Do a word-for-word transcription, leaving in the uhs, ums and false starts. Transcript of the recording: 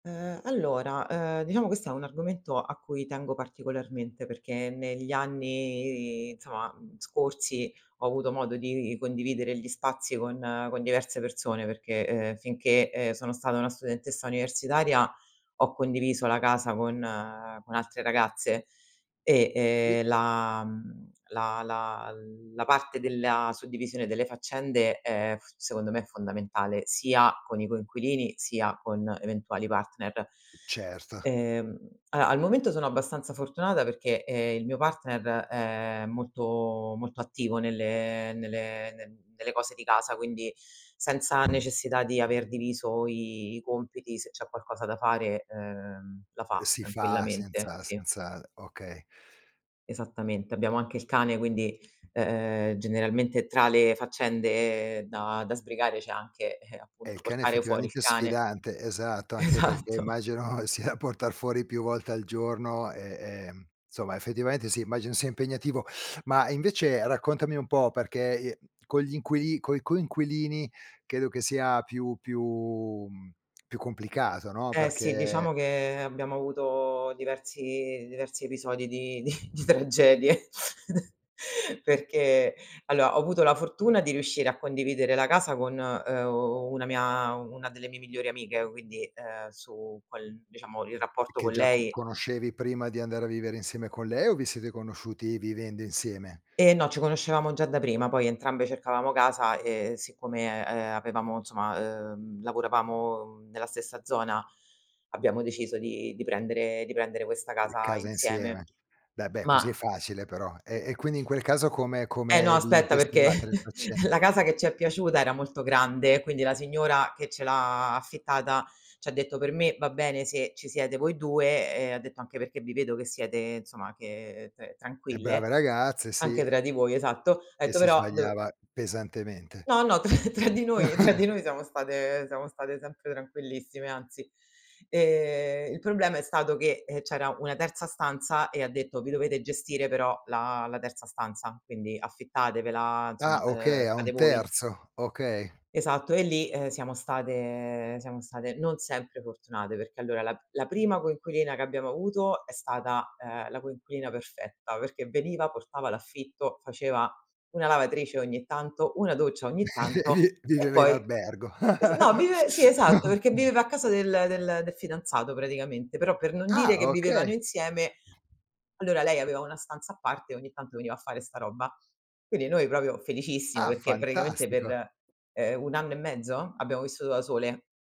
Uhm, allora, uhm, diciamo questo è un argomento a cui tengo particolarmente, perché negli anni, insomma, mhmm, scorsi, ho avuto modo di condividere gli spazi con con diverse persone, perché, uhm, finché, ehm, sono stata una studentessa universitaria ho condiviso la casa con con altre ragazze e, Sì. ehm, la mhmm, la la la parte della suddivisione delle faccende, è f secondo me è fondamentale, sia con i coinquilini, sia con eventuali partner. Certo. Ehm, a al momento sono abbastanza fortunata perché, ehm, il mio partner, è molto molto attivo nelle nelle nel nelle cose di casa, quindi senza necessità di aver diviso i i compiti, se c'è qualcosa da fare, uhm, la fa Uhm, si fa tranquillamente. senza Sì. senza okay. Esattamente. Abbiamo anche il cane, quindi, uhm, generalmente tra le faccende da da sbrigare c'è anche, ehm, Eh, il appunto cane portare fuori il effettivamente cane. sfidante, esatto, anche perché Esatto. immagino sia portar fuori più volte al giorno, e e nsomma, effettivamente sì, immagino sia impegnativo. Ma invece raccontami un po', perché, ehm, con gli inquili coi coinquilini, credo che sia più più mhmm, più complicato, no, Eh, sì, diciamo perché che abbiamo avuto diversi diversi episodi di di di tragedie perché alloa ho avuto la fortuna di riuscire a condividere la casa con, uhm, una mia u una delle mie migliori amiche, quindi, ehm, su quel diciamo il rapporto Che con già co lei conoscevi prima di andare a vivere insieme con lei o vi siete conosciuti vivendo insieme? Ehm, no, ci conoscevamo già da prima, poi entrambe cercavamo casa e siccome, ehm, avevamo insomma, uhm, lavoravamo, mhmm, nella stessa zona abbiamo deciso di di prendere di prendere questa Ehm, casa casa insieme. insieme. Beh, beh, Ma così è facile però. E e quindi in quel caso come Eh no, come vi aspetta gestivate perché, le faccen la casa che ci è piaciuta era molto grande, quindi la signora che ce l'ha affittata, c'ha detto: "Per me va bene se ci siete voi due" e ha detto anche: "Perché vi vedo che siete insomma che t E brave tranquille, ragazze, sì. anche tra di voi" Esatto. Ha E etto: si "Però dov" sbagliava pesantemente. No, no, tra tra di noi tra di noi siamo state siamo state sempre tranquillissime, anzi. Ehm, il problema è stato che, ehm, c'era una terza stanza, e ha detto: "Vi dovete gestire però la la terza stanza, quindi affittatevela, Ah, insomma, uhm, okay, a fate un voi." terzo, okay. Esatto, e lì, ehm, siamo state siamo state non sempre fortunate, perché allora la la prima coinquilina che abbiamo avuto è stata, ehm, la coinquilina perfetta, perché veniva, portava l'affitto, faceva una lavatrice ogni tanto, una doccia ogni tanto, Vi e viveva in poi albergo. [unintelligible] no vive sì, esatto, perché viveva a casa del del del fidanzato praticamente. Però, per non dire Ah, che vivevano okay. insieme, allora lei aveva una stanza a parte, e ogni tanto veniva a fare 'sta roba. Quindi, noi propio felicissime, Ah, perché praticamente fantastico. per, ehm, un anno e mezzo, abbiamo vissuto da sole.